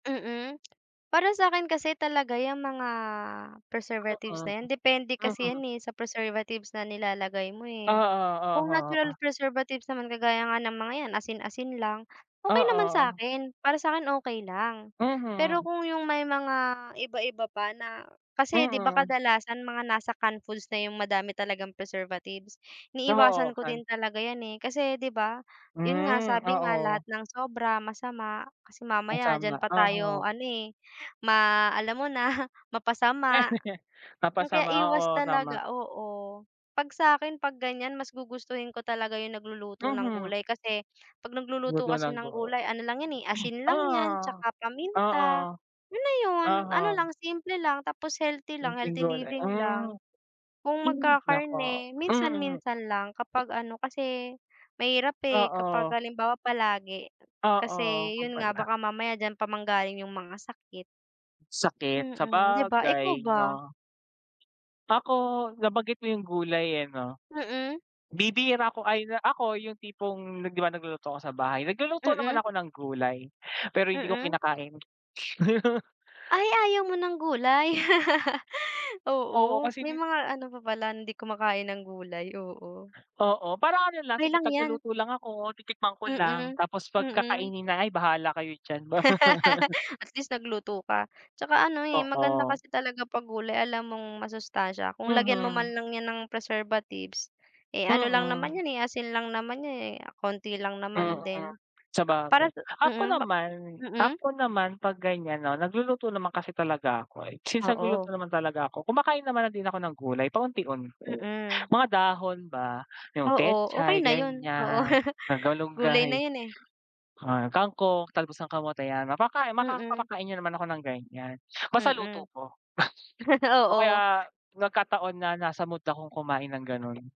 Mm, para sa'kin kasi talaga yang mga preservatives Mm. na 'yan, depende kasi Mm. 'yan eh, sa preservatives na nilalagay mo Oo, eh. Kung oho. Oo. natural preservatives naman kagaya nga ng mga 'yan asin-asin lang, okey naman Oo. sa'kin, para sa'kin okey lang. Pero Mhm. kung yung may mga iba-iba pa na kasi 'di ba, Mm. kadalasan mga nasa can foods na yung madami talagang preservatives, Oo, iniiwasan ko din cans. talaga yan eh. Kasi 'di ba, yun nga Hmm, sabi nga oo. lahat ng sobra masama, kasi mamaya diyan Masama, pa tayo oho. ano eh, ma alam mo na mapasama. Kaya Napasama. iwas Oo, tama. talaga oo, 'pag sa'kin, 'pag ganyan mas gugustuhin ko talaga yung nagluluto ng Mhm. gulay kasi, 'pag nagluluto Luto kasi ng ng buo. gulay, ano lang yan, eh, asin lang 'yan, Ah, 'tsaka paminta, oo, yun na yun. Ano uh-huh. lang simple lang tapos healthy lang Simpleng healthy gulay, living hmm. lang. Kung Hmm, naku, magkakarne, mm. minsan-minsan lang, kapag ano, kasi mahirap eh, kapag Oo. halimbawa palagi, Oo, kasi yun yun nga, pala. baka mamaya diyan pa manggaling yung mga sakit. Sakit, Mm, 'di ba, ikaw sabagay ba? 'no. Ako, nabanggit mo yung gulay eh, 'no? Mm. Bibihira ako ay, ako yung tipong 'di ba, nagluluto ako sa bahay, nagluluto naman Mm. ako ng gulay, pero hindi ko Mm. kinakain. Ay, ayaw mo ng gulay? Oo, Oo, kasi may dit mga ano pa pala, hindi kumakain ng gulay, oo. Oo. Parang ano lang, Okey sige lang 'yan. taga-luto lang ako, titikman ko lang, Mm, tapos 'pag mm. kakainin na, ay bahala kayo diyan. At least, nagluto ka. Tsaka ano eh, maganda Oo. kasi talaga 'pag gulay, alam mong masustasiya. Kung lagyan mo Mhm. lang 'yan ng preservatives, eh, ano lang naman Mm. yun eh, asin lang naman yan eh, konti lang Mm, naman din. Para sabagay. sa Ako Mm, map naman Mm. ako naman, 'pag ganyan 'no, nagluluto naman kasi talaga ako. Since, nagluluto Oo. naman talaga ako, kumakain naman na din ako ng gulay paunti-unti, Mm. mga dahon ba. Yung Oo. Okey pechay, na yun. Oo, ganyan, gulay malungay, na yun eh. ah, kangkong, talbos ng kamote 'yan, mapaka maka Mm. papakain niyo naman ako ng ganyan, basta luto Mm. ko. O Oo. kaya nagkataon na nasa mood akong kumain ng ganon.